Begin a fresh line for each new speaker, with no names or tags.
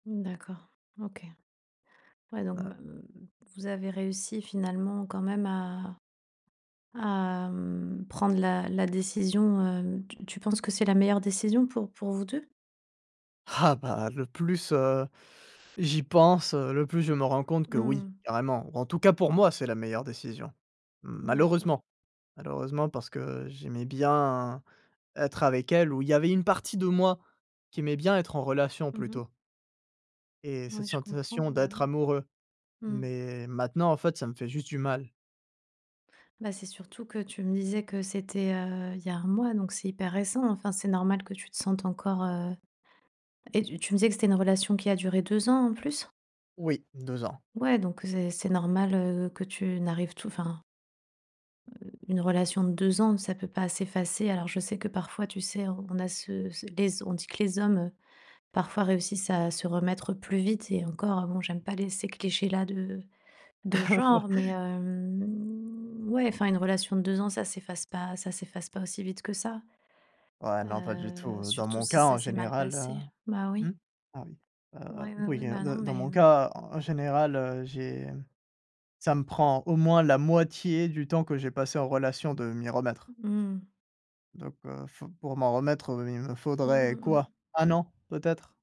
Mmh d'accord, OK. Ouais, donc m
[unintelligible]
mmh vous avez réussi finalement quand même à à mmh, prendre la la décision, hem tu tu penses que c'est la meilleure décision pour pour vous 2?
Ah bah, le plus, heu j'y pense, le plus je me rends compte que oui,
Mmh.
carrément, en tout cas pour moi c'est la meilleure décision
D'accord.
malheureusement. Malheureusement parce que j'aimais bien être avec elle où il y avait une partie de moi qui, aimait bien être en relation
Mmh mh.
plutôt. Et cette
Ouais, je comprends.
sensation
Bah,
d'être
oui.
amoureux.
Mmh.
Mais maintenant en fait, ça me fait juste du mal.
Bah, c'est surtout que tu me disais que c'était, heu, il y a 1 mois, donc c'est hyper récent. Enfin, c'est normal que tu te sentes encore heu, et tu tu me disais que c'était une relation qui a duré 2 ans en plus?
Oui, 2 ans.
Ouais, donc c'est c'est normal, heu, que tu n'arrives tout enfin Heu, une relation de 2 ans, ça peut pas s'effacer. Alors je sais que parfois, tu sais, on a ce ce les z on dit que les hommes, heu, parfois réussissent à se remettre plus vite. Et encore, heu bon, j'aime pas les ces clichés-là de de
Ouais.
genre. Mais hem, ouais, enfin une relation de 2 ans, ça s'efface pas, ça s'efface pas aussi vite que ça.
Ouais, non pas du tout,
Heu,
heu, dans
surtout
mon
si
cas en
ça s'est mal
général,
passé.
heu
Bah oui.
mmh, oui. Heu,
Oui, oui, oui,
oui heu
bah, non,
d
mais
dans mon
mmh
cas en général, heu, j'ai ça me prend au moins la moitié du temps que j'ai passé en relation de m'y remettre.
Mmh.
Donc heu f pour m'en remettre heu, il me
Mmh,
faudrait
mmh,
quoi?
mmh.
1 an, peut-être.